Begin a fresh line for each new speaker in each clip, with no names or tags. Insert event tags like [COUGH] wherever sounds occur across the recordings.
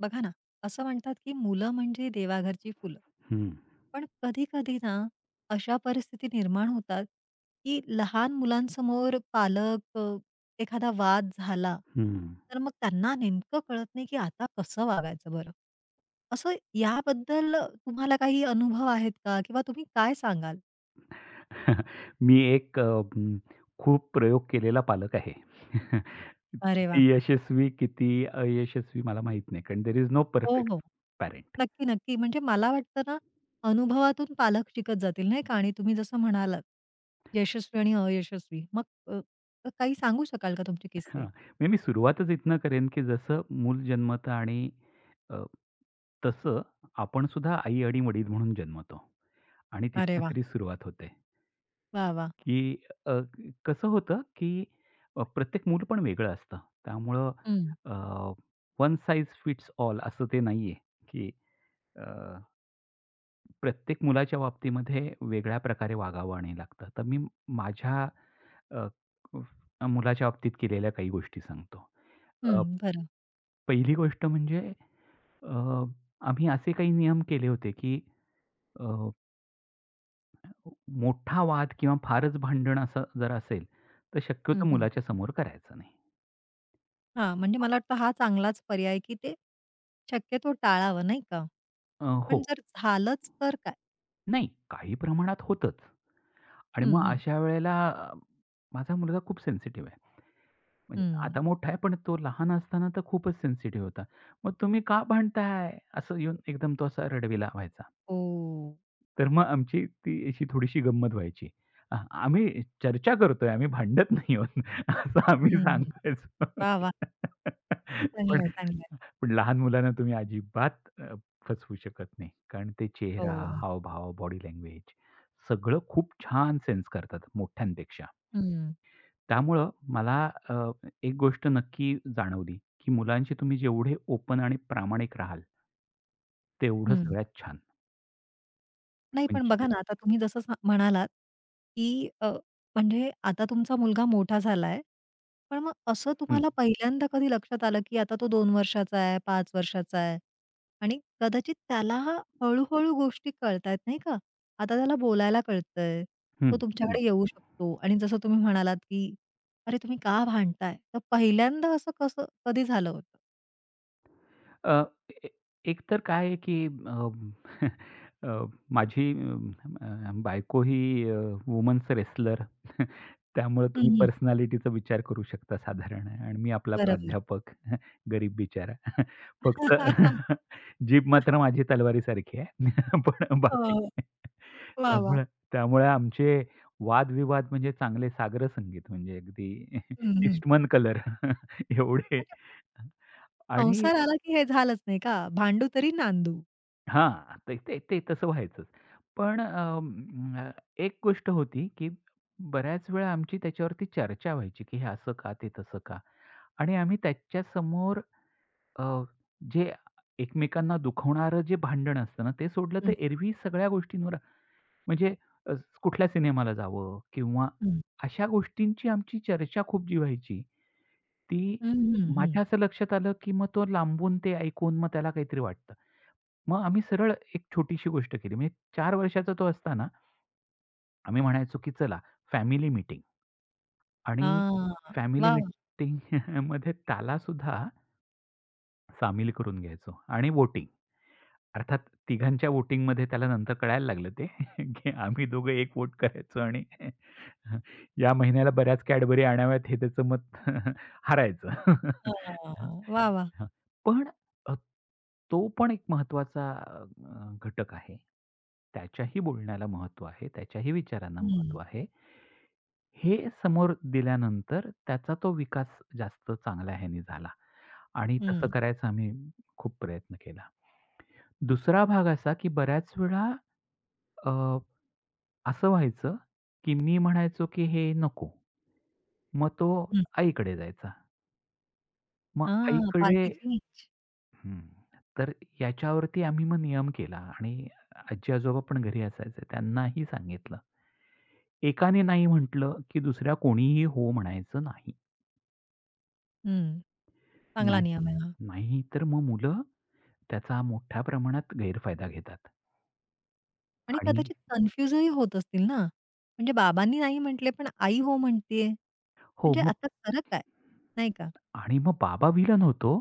बघा ना, असं म्हणतात की "मुलं म्हणजे देवाघरची फुलं."
हं.
पण कधी-कधी ना, अशा परिस्थिती निर्माण होतात, की लहान मुलांसमोर पालक अ, एखादा वाद झाला,
हं.
तर मग त्यांना नेमकं कळत नाही की आता कसं वागायचं बरं. असं याबद्दल तुम्हाला काही अनुभव आहेत का? किंवा तुम्ही काय सांगाल?
[CHUCKLES] मी एक अं, खूप प्रयोग केलेला पालक आहे. [CHUCKLES]
अरे वाह!
यशस्वी किती अयशस्वी मला माहीत नाही. कारण देअर इस नो
हो,
परफेक्ट
हो.
पॅरेंट.
नक्की, नक्की. म्हणजे मला वाटतं ना, अनुभवातून पालक शिकत जातील नाही का. आणि तुम्ही जसं म्हणालात,
[UNINTELLIGIBLE]
यशस्वी आणि अयशस्वी मग अ अ काही सांगू शकाल का तुमचे
हां.
किस्से?
मी नी सुरुवातच इथनं करेन, की जसं मूल जन्मत. आणि अ, तसं आपण सुद्धा आई आणि वडील म्हणून जन्मतो. आणि
अरे
तिथनं
वाह!
खरी सुरुवात होते.
वाह! वाह!
की अ, कसं होतं की अ, प्रत्येक मूलपण वेगळं असतं. त्यामुळं
हं.
अ, वन साइझ फिट्स ऑल असं ते नाही आहे कि अ प्रत्येक मुलाच्या बाबतीमध्ये वेगळ्या प्रकारे वागावं आणि लागतं. तर मी माझ्या अ, व मुलाच्या बाबतीत केलेल्या काही गोष्टी सांगतो. अ
हं, बरं.
पहिली गोष्ट म्हणजे, अ, आम्ही असे काही नियम केले होते, की अ अ, मोठा वाद किंवा फारच भांडण असं जर असेल तर
हं,
शक्यतो
हं.
मुलाच्या समोर करायचं नाही.
हां म्हणजे मला वाटतं हा चांगलाच पर्याय आहे, की ते शक्यतो टाळावं नाही का?
अ, हो.
पण जर झालंच तर काय?
नाही काही प्रमाणात होतंच. आणि
हं,
मग
हं.
अशा वेळेला माझा मुलगा खूप सेन्सिटिव्ह आहे. म्हणजे अ, आता
हं.
मोठा आहे पण तो लहान असताना तर खूपच सेन्सिटिव्ह होता. मग तुम्ही का भांडताय? असं येऊन एकदम तो असा रडविला व्हायचा.
हो.
तर मग आमची ती अशी थोडीशी गंमत व्हायची. अहं, आम्ही चर्चा करतोय आम्ही भांडत नाही आहोत असं आम्ही
हम्म.
सांगायचो.
वाह! वाह!
[LAUGHS] पण
चांगलंय. चांगलंय.
लहान मुलांना तुम्ही अजिबात अ, फसवू शकत नाही कारण ते चेहरा,
हो.
हावभाव, बॉडी लँग्वेज सगळं खूप छान सेन्स करतात मोठ्यांपेक्षा.
हं.
त्यामुळं मला अ, एक गोष्ट नक्की जाणवली, की मुलांशी तुम्ही जेवढे ओपन आणि प्रामाणिक राहाल तेवढं
हं.
सगळ्यात छान.
नाही पण
म्हणजे
बघा ना आता तुम्ही जसं सा म्हणालात, की अ, म्हणजे आता तुमचा मुलगा मोठा झालाय. पण मग असं
हं.
तुम्हाला पहिल्यांदा कधी लक्षात आलं, की आता तो 2 वर्षाचा आहे, 5 वर्षाचा आहे आणि कदाचित त्याला हळूहळू गोष्टी कळतायेत नाही का? आता त्याला बोलायला कळतंय. तो
हं, हं.
तुमच्याकडे येऊ शकतो आणि जसं तुम्ही म्हणालात की "अरे, तुम्ही का भांडताय?" तर पहिल्यांदा असं कसं कधी झालं होतं?
अ, एक तर काय आहे, की अ, अ, [CHUCKLES] माझी अ, बायको ही वुमन्स रेसलर. [CHUCKLES] त्यामुळे
हं,
तुम्ही
हं.
पर्सनॅलिटीचा विचार करू शकता साधारण आणि मी आपला
बरोबर.
प्राध्यापक गरीब बिचारा. [CHUCKLES] फक्त जीभ
[LAUGHS]
मात्र माझी तलवारीसारखी आहे. पण
अ,
बाकी
वाह! वाह!
त्यामुळे त्यामुळे आमचे वादविवाद म्हणजे चांगले साग्रसंगीत म्हणजे अगदी [CHUCKLES]
हं, हं.
ईस्टमन कलर एवढे
म्हणजे
आणि
संसार आला की हे झालंच नाही का? भांडू तरी नांदू.
हां. ते ते ते तसं व्हायचं. पण अ, एक गोष्ट होती, की बऱ्याच वेळा आमची त्याच्यावरती चर्चा व्हायची, की हे असं का, ते तसं का. आणि आम्ही त्याच्यासमोर अ, जे एकमेकांना दुखवणारं जे भांडण असतं ना ते सोडलं तर
हं.
एरव्ही सगळ्या गोष्टींवर म्हणजे कुठल्या सिनेमाला जावं किंवा
हं.
अशा गोष्टींची आमची चर्चा खूप जी व्हायची. ती
हं, हं, हं.
माझ्या असं लक्षात आलं, की मग तो लांबून ते ऐकून मग त्याला काहीतरी वाटतं. मग आम्ही सरळ एक छोटीशी गोष्ट केली. म्हणजे 4 वर्षाचा तो असताना आम्ही म्हणायचो, की चला फॅमिली मीटिंग. आणि
हां.
फॅमिली
वाह!
मीटिंग [CHUCKLES] मध्ये त्याला सुद्धा सामील करून घ्यायचो आणि वोटिंग. अर्थात तिघांच्या वोटिंगमध्ये त्याला नंतर कळायला लागलं ते की आम्ही दोघं एक वोट करायचो आणि या महिन्याला बऱ्याच Cadbury आणाव्यात हे त्याचं मत [CHUCKLES] हरायचं.
वाह! वाह! वाह!
पण तो पण एक महत्त्वाचा अ, घटक आहे. त्याच्याही बोलण्याला महत्त्व आहे. त्याच्याही विचारांना महत्त्व
हं.
आहे. हे समोर दिल्यानंतर त्याचा तो विकास जास्त चांगल्या ह्याने झाला. आणि तसं
हं.
करायचा आम्ही खूप प्रयत्न केला. दुसरा भाग असा, की बऱ्याच वेळा अ, असं व्हायचं, की मी म्हणायचो की हे नको मग तो
हं.
आईकडे जायचा. मग
हां,
आईकडे
पार्टी चेंज.
हं, तर याच्यावरती आम्ही मग नियम केला आणि आजी-आजोबा पण घरी असायचे त्यांनाही सांगितलं. 1ने नाही म्हटलं, की दुसऱ्या कोणीही हो म्हणायचं नाही.
हं. चांगला
नाही,
नियम आहे हा.
नाही. तर मग मुलं त्याचा मोठ्या प्रमाणात गैरफायदा घेतात.
आणि
आणि
कदाचित कन्फ्युज ही होत असतील ना? म्हणजे बाबांनी नाही म्हटलं पण आई हो म्हणते आहे.
हो
म्हणजे
मग.
आता खरं काय? नाही का?
आणि मग बाबा विलन होतो.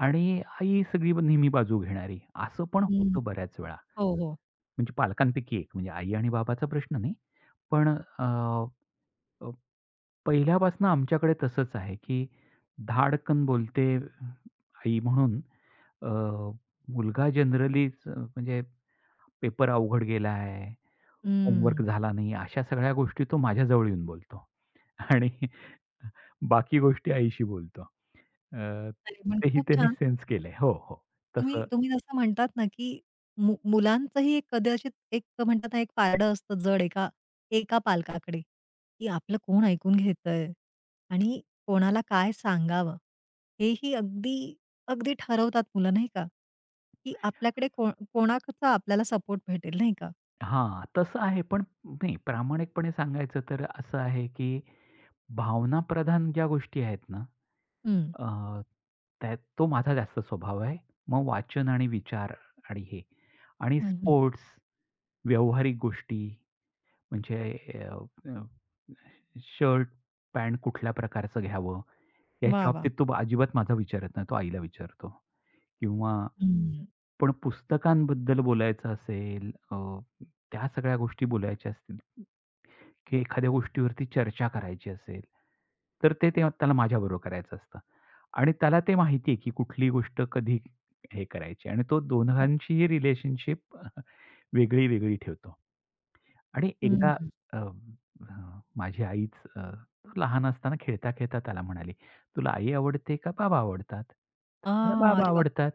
आणि आई सगळी मग नेहमी बाजू घेणारी. असं पण
हं.
होतं बऱ्याच वेळा.
हो. हो.
म्हणजे पालकांपैकी एक म्हणजे आई आणि बाबाचा प्रश्न नाही. पण अ, अ, पहिल्यापासून आमच्याकडे तसंच आहे की धाडकन बोलते आई म्हणून अ, मुलगा जनरली म्हणजे पेपर अवघड गेला आहे होमवर्क
हम्म.
झाला नाही, अशा सगळ्या गोष्टी तो माझ्याजवळ येऊन बोलतो. आणि बाकी गोष्टी आईशी बोलतो. अ,
अरे पण
तेही
खूप
त्यांनी
छान.
सेन्स केलंय. हो, हो.
तुम्ही
तसं.
तुम्ही जसं म्हणतात ना, की मुल मुलांचंही कदाचित एक म्हणतात ना, एक पारडं असतं जड एका एका पालकाकडे, की आपलं कोण ऐकून घेतंय आणि कोणाला काय सांगावं? हे ही अगदी अगदी ठरवतात मुलं, नाही का? की आपल्याकडे कोण कोणाचा आपल्याला सपोर्ट भेटेल? नाही का.
हां, तसं आहे. पण मी प्रामाणिकपणे सांगायचं तर असं आहे की भावनाप्रधान ज्या गोष्टी आहेत ना,
हं.
अ, त्यात तो माझा जास्त स्वभाव आहे. मग वाचन आणि विचार आणि हे. आणि
हं, हं.
स्पोर्ट्स, व्यावहारिक गोष्टी म्हणजे अ अ शर्ट, पॅन्ट कुठल्या प्रकारचं घ्यावं,
वाह,
याच्या
वाह!
बाबतीत तो अजिबात माझं विचारत नाही, तो आईला विचारतो. किंवा
हं.
पण पुस्तकांबद्दल बोलायचं असेल, अ, त्या सगळ्या गोष्टी बोलायच्या असतील. की एखाद्या गोष्टीवरती चर्चा करायची असेल, तर ते, ते त्याला माझ्याबरोबर करायचं असतं. आणि त्याला ते माहिती आहे की कुठली गोष्ट कधी हे करायची आणि तो
हो.
दोघांचीही रिलेशनशिप वेगळी-वेगळी ठेवतो. आणि
हं,
एकदा
हं.
अ, अ, माझी आईच अ, लहान असताना खेळता-खेळता त्याला म्हणाली, "तुला आई आवडते का बाबा आवडतात?" म्हणे
हां,
"बाबा
अरे बापरे!
आवडतात."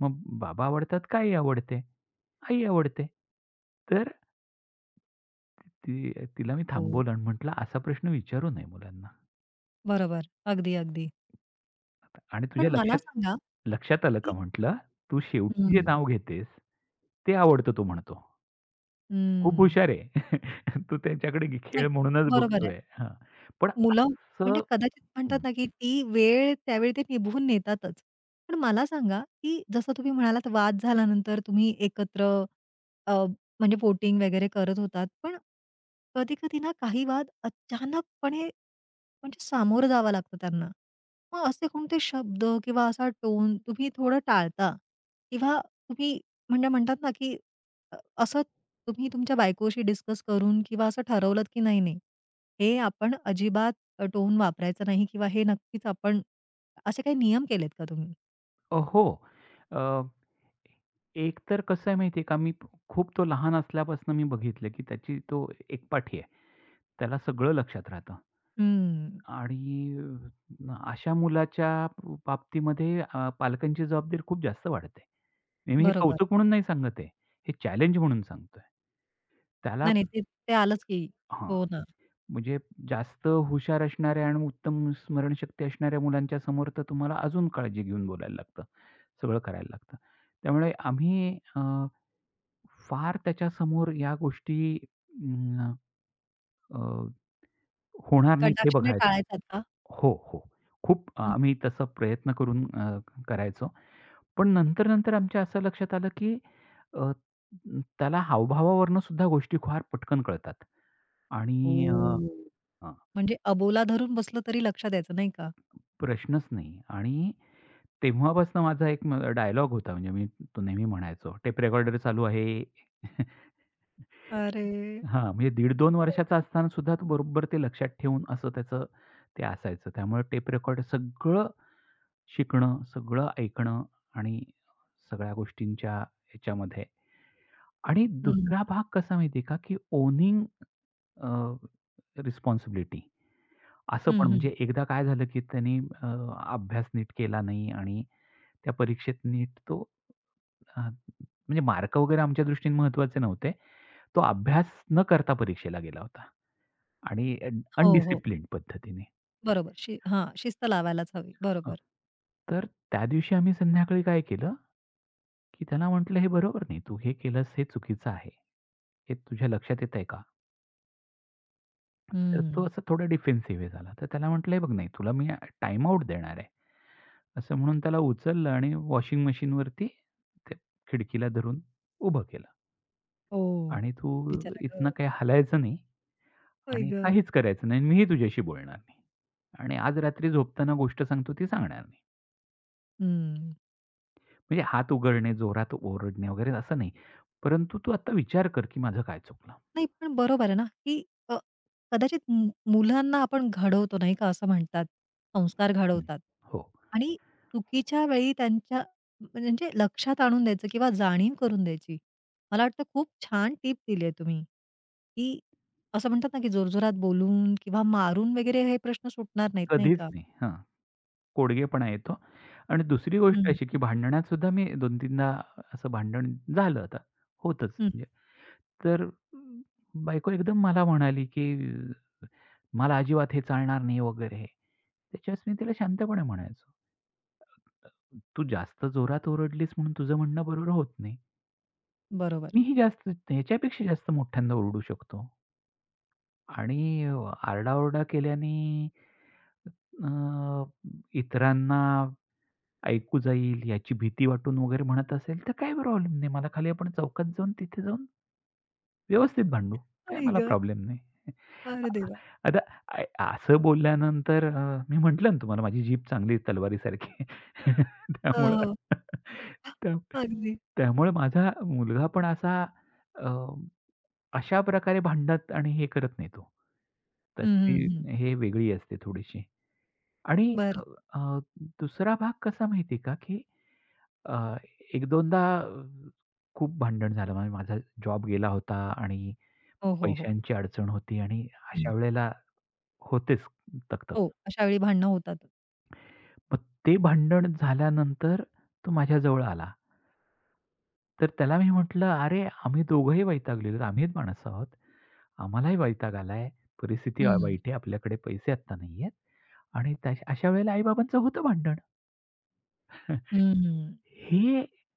मग "बाबा आवडतात का आई आवडते?" "आई आवडते." तर, ती तिला मी
हो.
थांबवलं आणि म्हटलं, "असा प्रश्न विचारू नये मुलांना."
बरोबर, अगदी, अगदी.
आणि तुझ्या
पण मला
लक्षात
सांगा,
लक्षात आलं का?
की
म्हटलं. "तू शेवटी जे
हं.
नाव घेतेस ते आवडतं," तो म्हणतो. खूप
हम्म.
हुशार आहे. [CHUCKLES] तो त्यांच्याकडे
नाही
खेळ म्हणूनच
बरोबर आहे.
बघतोय हं. पण
मुलं
असं
म्हणजे कदाचित म्हणतात
हं.
ना, की ती वेळ त्यावेळी ते निभवून नेतातच. पण मला सांगा, की जसं तुम्ही म्हणालात वाद झाल्यानंतर तुम्ही एकत्र अ, म्हणजे पोटिंग वगैरे करत होतात. पण कधी-कधी ना काही वाद अचानकपणे, म्हणजे सामोरं जावं लागतो त्यांना. मग असे कोणते शब्द किंवा असा टोन तुम्ही थोडं टाळता. किंवा तुम्ही म्हणजे म्हणतात ना, की अ, असं तुम्ही तुमच्या बायकोशी डिस्कस करून किंवा असं ठरवलंत, की नाही नाही हे आपण अजिबात अ, टोन वापरायचं नाही किंवा हे नक्कीच आपण, असे काही नियम केलेत का तुम्ही?
अ, हो. अ, एक तर कसं आहे माहिती आहे का? मी खूप तो लहान असल्यापासून मी बघितलं, की त्याची तो एकपाठी आहे. त्याला सगळं लक्षात राहतं.
हम्म.
आणि अ, अशा मुलाच्या ब बाबतीमध्ये अ, पालकांची जबाबदारी खूप जास्त वाढते. मी हे
बरोबर.
कौतुक म्हणून नाही सांगत आहे. हे चॅलेंज म्हणून सांगतोय. त्याला
नाही, नाही ते, ते आलंच की.
...हं.
हो ना.
म्हणजे जास्त हुशार असणाऱ्या आणि उत्तम स्मरणशक्ती असणाऱ्या मुलांच्या समोर तर तुम्हाला अजून काळजी घेऊन बोलायला लागतं. सगळं करायला लागतं. त्यामुळे आम्ही अ, फार त्याच्यासमोर या गोष्टी अं, अ, होणार नाहीत हे
कटाक्षाने
बघायचं
टाळायतात का?
हो हो खूप
हं.
आम्ही तसा प्रयत्न करून अ, करायचो. पण नंतर नंतर आमच्या असं लक्षात आलं, की अ, त्याला हावभावावरून सुद्धा गोष्टी फार पटकन कळतात. आणि अ,
हो.
हं.
म्हणजे अबोला धरून बसलं, तरी लक्षात यायचं नाही का?
प्रश्नच नाही. आणि तेव्हापासून माझा एक म अ, डायलॉग होता. म्हणजे मी तो नेहमी म्हणायचो. "टेप रेकॉर्डर चालू आहे." [CHUCKLES]
अरे!
हां म्हणजे दीड-दोन वर्षाचा
[UNINTELLIGIBLE]
असताना सुद्धा तो बरोबर ते लक्षात ठेवून असं त्याचं ते असायचं. त्यामुळे टेप रेकॉर्डर सगळं शिकणं, सगळं ऐकणं आणि सगळ्या गोष्टींच्या ह्याच्यामध्ये. आणि
हं.
दुसरा भाग कसा माहितीये का? की ओनिंग अ, रिस्पॉन्सिबिलिटी, असं
हं,
पण
हं.
म्हणजे. एकदा काय झालं, की त्यांनी अ, अभ्यास नीट केला नाही आणि त्या परीक्षेत नीट तो अ, म्हणजे मार्क वगैरे आमच्या दृष्टीने महत्त्वाचे नव्हते. तो अभ्यास न करता परीक्षेला गेला होता. आणि अ,
हो, हो.
अनडिसिप्लिंड पद्धतीने.
बरोबर शि हां, शिस्त लावायलाच हवी.
हां.
बरोबर.
तर त्या दिवशी आम्ही संध्याकाळी काय केलं, की त्याला म्हटलं "हे बरोबर नाही. तू हे केलंस, हे चुकीचं आहे. हे तुझ्या लक्षात येतंय का?" तर तो
हं.
असा थोडा डिफेन्सिव्ह झाला. तर त्याला म्हटलं "हे बघ तुला मी टाईम आउट देणार आहे." असं म्हणून त्याला उचललं आणि वॉशिंग मशीन वरती त्या खिडकीला धरून उभं केलं.
हो,
आणि तू
बिचारा
इथनं
गं.
काही हलायचं नाही
आई
आणि
गं.
काहीच करायचं नाही आणि मीही तुझ्याशी बोलणार नाही. आणि आज रात्री झोपताना गोष्ट सांगतो ती सांगणार नाही.
हं.
म्हणजे हात उगारणे, जोरात ओरडणे वगैरे असं नाही. परंतु "तू आता विचार कर, की माझं काय चुकलं."
नाही पण बरोबर आहे ना, की अ, कदाचित मु मुलांना आपण घडवतो, नाही का असं म्हणतात, संस्कार
हं,
घडवतात
हो.
आणि चुकीच्या वेळी त्यांच्या त्यांच्या लक्षात आणून द्यायचं किंवा जाणीव करून द्यायची. मला वाटतं खूप छान टिप दिली आहे तुम्ही, की असं म्हणतात ना, की जोरजोरात बोलून किंवा मारून वगैरे हे प्रश्न सुटणार नाहीत, नाही
कधीच
का?
नाही हां. कोडगेपणा येतो आणि दुसरी गोष्ट
हं.
अशी, की भांडणात सुद्धा मी 2-3दा असं भांडण झालं, आता होतच.
हं.
तर बायको एकदम मला म्हणाली, "की मला अजिबात हे चालणार नाही," वगैरे. त्याच्यावर मी तिला शांतपणे म्हणायचो. "तू जास्त जोरात ओरडलीस म्हणून तुझं म्हणणं बरोबर होत नाही."
बरोबर.
मी ही जास्त, ह्याच्यापेक्षा जास्त मोठ्यांदा ओरडू शकतो. आणि अ, आरडाओरडा केल्याने, अ इतरांना ऐकू जाईल याची भीती वाटून वगैरे म्हणत असेल, तर काही प्रॉब्लेम नाही मला, खाली आपण चौकात जाऊन तिथे जाऊन, व्यवस्थित भांडू, काही
आई
मला
गं!
प्रॉब्लेम नाही.
अरे
[CHUCKLES]
देवा!
आता अ, असं बोलल्यानंतर अ, मी म्हटलं ना तुम्हाला माझी जीभ चांगली आहे, तलवारीसारखी,
अ,
त्यामुळं
हो. अगदी.
त्यामुळे माझा मुलगा पण असा अ, अशाप्रकारे भांडत आणि हे करत नाही, तो. तर
हं,
ती
हं, हं.
हे वेगळी असते थोडीशी. आणि
बरं.
अ, दुसरा भाग कसा माहितीये का, की अ, 1-2दा खूप भांडण झालं. माझा जॉब गेला होता आणि
हो, हो, हो.
पैशांची अडचण होती आणि
हं.
अशा वेळेला होतेच तक-तक.
हो, अशावेळी भांडणं होतात.
मग ते भांडण झाल्यानंतर, तो माझ्याजवळ आला. तर त्याला मी म्हटलं, "अरे आम्ही दोघंही वैतागलेलोत. आम्हीच माणसं आहोत, आम्हालाही वैताग आलाय. परिस्थिती
हं.
वाईट आहे, आपल्याकडे पैसे आता नाहीयेत आणि अशा वेळेला आई-बाबांचं होतं भांडण." [CHUCKLES]
हम्म.
हे अ,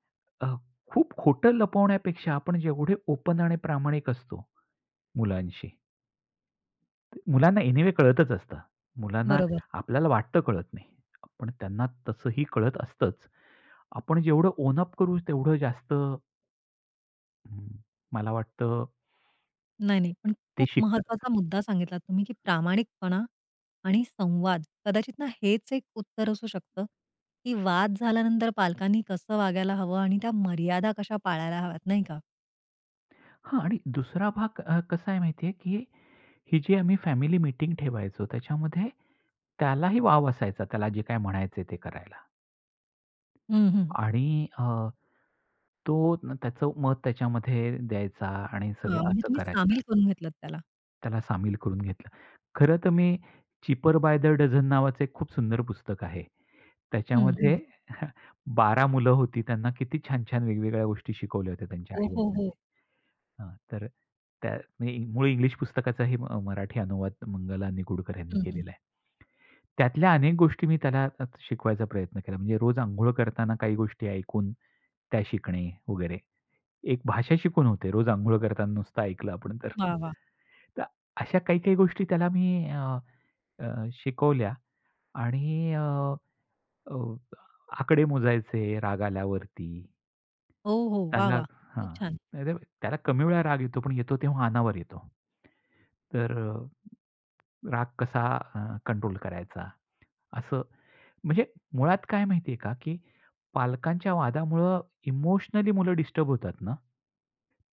खूप खोटं लपवण्यापेक्षा, आपण जेवढे ओपन आणि प्रामाणिक असतो मुलांशी. मुलांना एनीवे कळतच असतं, मुलांना
बरोबर.
आपल्याला वाटतं कळत नाही, पण त्यांना तसंही कळत असतंच. आपण जेवढं ओन अप करू, तेवढं जास्त मला वाटतं
नाही, नाही. पण
ते
खूप
शिकतात.
महत्वाचा मुद्दा सांगितलात तुम्ही की प्रामाणिकपणा आणि संवाद कदाचित ना, हेच एक उत्तर असू शकतं, की वाद झाल्यानंतर पालकांनी कसं वागायला हवं आणि त्या मर्यादा कशा पाळायला हव्यात नाही का.
हां. आणि दुसरा भाग अ, कसा आहे माहिती आहे, की ही जी आम्ही फॅमिली मीटिंग ठेवायचो त्याच्यामध्ये, त्यालाही वाव असायचा त्याला जे काही म्हणायच आहे, ते करायला.
हं, हं.
आणि अ, तो त्याचं मत त्याच्यामध्ये द्यायचा आणि
अ,
सगळं
म्हणजे
असं
तुम्ही सामील
करायचा.
करून घेतलात त्याला.
त्याला सामील करून घेतलं. खरंतर मी "चिपर बाय द डजन" नावाचं एक खूप सुंदर पुस्तक आहे.
हं,
त्याच्यामध्ये
हं.
[CHUCKLES] 12 मुलं होती. त्यांना किती छान-छान वेगवेगळ्या गोष्टी शिकवल्या होत्या त्यांच्या
हो,
आई
हो,
वडिलांनी.
हो.
हां, तर त्या मूळ इंग्लिश पुस्तकाचाही मराठी अनुवाद मंगला निगुडकर यांनी
हं, हं.
केलेला आहे. त्यातल्या अनेक गोष्टी मी त्यांना शिकवायचा प्रयत्न केला. म्हणजे रोज अंघोळ करताना काही गोष्टी ऐकून, त्या शिकणे वगैरे. एक भाषा शिकून होते रोज अंघोळ करताना नुसतं ऐकलं आपण तर.
वाह, वाह!
तर अशा काही काही गोष्टी त्याला मी अ, अ, शिकवल्या आणि अ, अ, आकडे मोजायचे राग आल्यावरती.
हो, हो. वाह,
त्याला
वाह. खूप
हां.
छान.
त्याला कमी वेळा राग येतो पण येतो तेव्हा अनावर येतो. तर राग कसा कंट्रोल करायचा, असं म्हणजे मुळात काय माहिती आहे का? की पालकांच्या वादामुळं इमोशनली मुलं डिस्टर्ब होतात ना,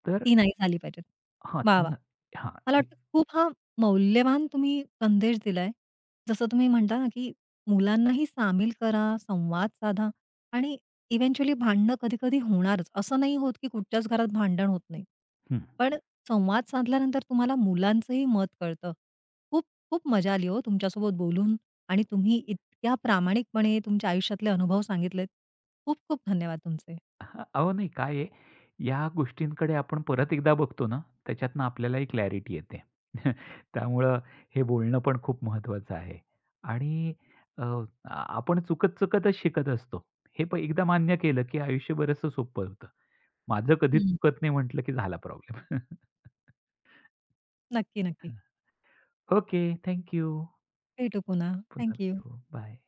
तर
ती नाही झाली पाहिजे.
हां,
वाह, वाह!
त्यांना हां.
मला वाटतं,
[UNINTELLIGIBLE]
खूप हा मौल्यवान तुम्ही संदेश दिला आहे. जसं तुम्ही म्हणता ना की मुलांनाही सामील करा, संवाद साधा आणि इव्हेंच्युअली भांडणं कधी-कधी होणारच .असं नाही होत की कुठच्याच घरात भांडण होत नाही.
हं
पण संवाद साधल्यानंतर तुम्हाला मुलांचंही मत कळतं. खूप खूप मजा आली हो तुमच्यासोबत बोलून आणि तुम्ही इतक्या प्रामाणिकपणे तुमच्या आयुष्यातले अनुभव सांगितलेत. खूप खूप धन्यवाद तुमचे.
अह, अहो नाही काय आहे, या गोष्टींकडे आपण परत एकदा बघतो ना त्याच्यातून आपल्यालाही क्लॅरिटी येते. [CHUCKLES] त्यामुळे हे बोलणं पण खूप महत्वाचं आहे आणि अ, आ आपण चुकत चुकतच शिकत असतो हे प एकदा मान्य केलं की आयुष्य बरच सोपं होतं. माझं कधीच
हं.
चुकत नाही म्हटलं की झाला प्रॉब्लेम. [CHUCKLES] हं,
नक्की, नक्की.
Okay, thank you.
भेटू पुन्हा,
पुन्हा
थँक यू.
भेटू, बाय.